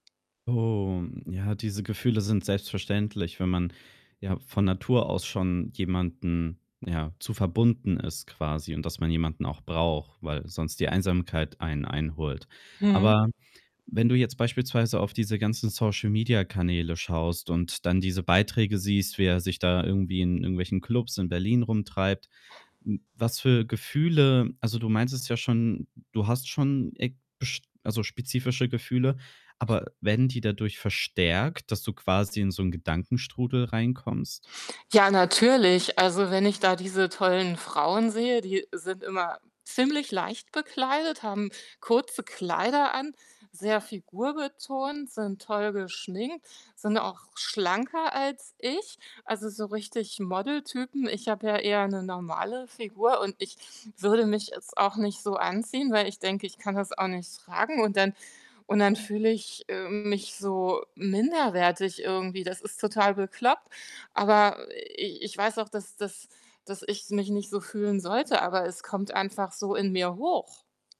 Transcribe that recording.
Oh, ja, diese Gefühle sind selbstverständlich, wenn man, ja, von Natur aus schon jemanden, ja, zu verbunden ist quasi und dass man jemanden auch braucht, weil sonst die Einsamkeit einen einholt. Mhm. Aber wenn du jetzt beispielsweise auf diese ganzen Social-Media-Kanäle schaust und dann diese Beiträge siehst, wie er sich da irgendwie in irgendwelchen Klubs in Berlin rumtreibt, hm, was für Gefühle also, du meintest ja schon, du hast schon e bisch also, spezifische Gefühle, aber werden die dadurch verstärkt, dass du quasi in so 'n Gedankenstrudel reinkommst? Ja, natürlich. Also wenn ich da diese tollen Frauen sehe, die sind immer ziemlich leicht bekleidet, haben kurze Kleider an, sehr figurbetont, sind toll geschminkt, sind auch schlanker als ich, also so richtig Model-Typen. Ich habe ja eher 'ne normale Figur und ich würde mich jetzt auch nicht so anziehen, weil ich denke, ich kann das auch nicht tragen und dann und dann fühle ich, ähm, mich so minderwertig irgendwie. Das ist total bekloppt, aber, äh, i ich weiß auch, dass dass dass ich mich nicht so fühlen sollte, aber es kommt einfach so in mir hoch.